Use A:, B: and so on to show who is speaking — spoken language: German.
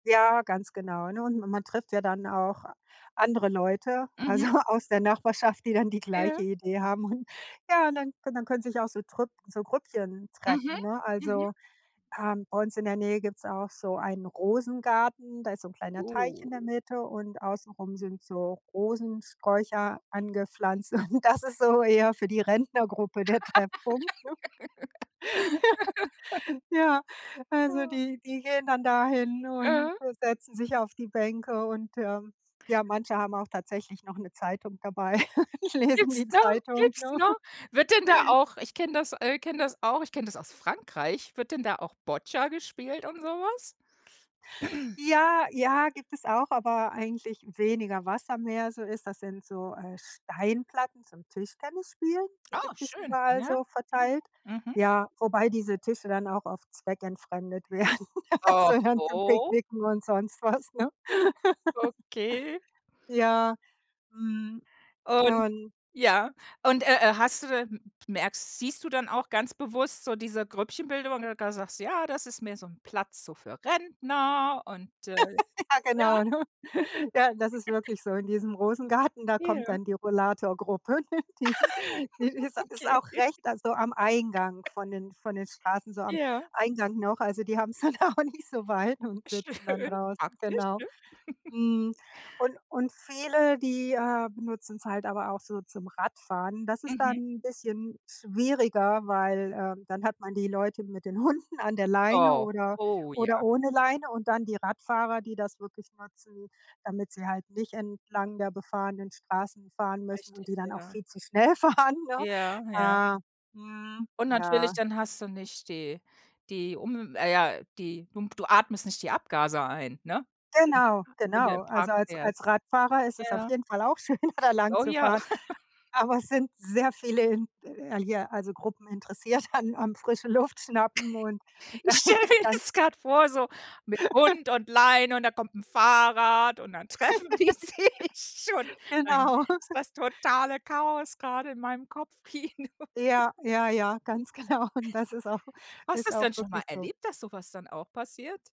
A: Ja, ganz genau, ne? Und ma man trifft ja dann auch andere Leute, also,
B: Mhm.
A: aus der Nachbarschaft, die dann die
B: Ja.
A: gleiche Idee haben hun ja und dann dann können sich auch so Trüpp so Grüppchen
B: Mhm,
A: treffen, ne?
B: mhm.
A: Also, ähm, bei uns in der Nähe gibt's auch so einen Rosengarten, da ist so 'n kleiner Teich in
B: Oh.
A: der Mitte und außen rum sind so Rosensträucher angepflanzt. Und das ist so eher für die Rentnergruppe der Treffpunkt, ne? Ja, also,
B: Ja.
A: die die gehen dann dahin und
B: Mhm.
A: setzen sich auf die Bänke und, ähm, ja, manche haben auch tatsächlich noch 'ne Zeitung dabei, lesen
B: Gibt's
A: die
B: noch?
A: Zeitung,
B: Gibt's
A: ne?
B: noch? Wird denn da auch ich kenne das äh, kenne das auch, ich kenne das aus Frankreich, wird denn da auch Boccia gespielt und so was?
A: Ja, ja, gibt es auch, aber eigentlich weniger Wasser, mehr so ist das sind so, äh, Steinplatten zum Tischtennisspielen, die
B: Oh
A: gibt es
B: schön,
A: überall
B: ja.
A: so
B: Mhm.
A: verteilt.
B: Mhm.
A: Ja, wobei diese Tische dann auch oft zweckentfremdet werden, also, dann zum
B: Oho.
A: Picknicken und sonst was, ne?
B: Okay.
A: Ja, mhm,
B: Und
A: und
B: ja, und, äh, äh, hast du da m merkst siehst du dann auch ganz bewusst so diese Grüppchenbildung, wenn du da sagst: „Ja, das ist mehr so 'n Platz so für Rentner.“ und, äh,
A: Ja,
B: ja?
A: genau, ne? Ja, das ist wirklich so in diesem Rosengarten, da kommt
B: Ja.
A: dann die Rollatorgruppe. Die die ist ist
B: Okay.
A: auch recht also, am Eingang von den, von den Straßen, so am
B: Ja.
A: Eingang noch. Also, die haben's dann auch nicht so weit und sitzen dann
B: Schön,
A: draußen,
B: praktisch,
A: genau.
B: ne?
A: Mhm, und und viele, die, äh, benutzen's halt aber auch so zum Radfahren. Das ist dann
B: Mhm.
A: 'n bisschen schwieriger, weil, äh, dann hat man die Leute mit den Hunden an der Leine
B: Oh.
A: oder
B: Oh,
A: oder
B: ja.
A: ohne Leine und dann die Radfahrer, die das wirklich nutzen, damit sie halt nicht entlang der befahrenen Straßen fahren müssen und
B: Richtig,
A: die dann auch
B: ja.
A: viel zu schnell fahren, ne?
B: Ja, ja.
A: Äh, mhm,
B: Und natürlich,
A: ja.
B: dann hast du nicht die die um äh, ja, die humf du atmest nicht die Abgase ein, ne? [unintelligible]
A: Genau,
B: wenn du im
A: genau.
B: Park
A: Also, als als
B: fährst.
A: Radfahrer ist es auf
B: Ja.
A: jeden Fall auch schön, da lang
B: Oh
A: zu
B: ja.
A: fahren. Aber es sind sehr viele in l hier, also, Gruppen interessiert an am frische Luft schnappen und da
B: Ich stelle mir
A: kann
B: das gerade vor so mit Hund und Leine und da kommt 'n Fahrrad und dann treffen die sich schon. Dann
A: Genau.
B: ist das totale Chaos gerade in meinem Kopfkino.
A: Ja. Ja, ja, ganz genau. Und das ist auch
B: Hast du
A: ist
B: das
A: auch
B: denn schon
A: wirklich
B: mal
A: so.
B: erlebt, dass so was dann auch passiert?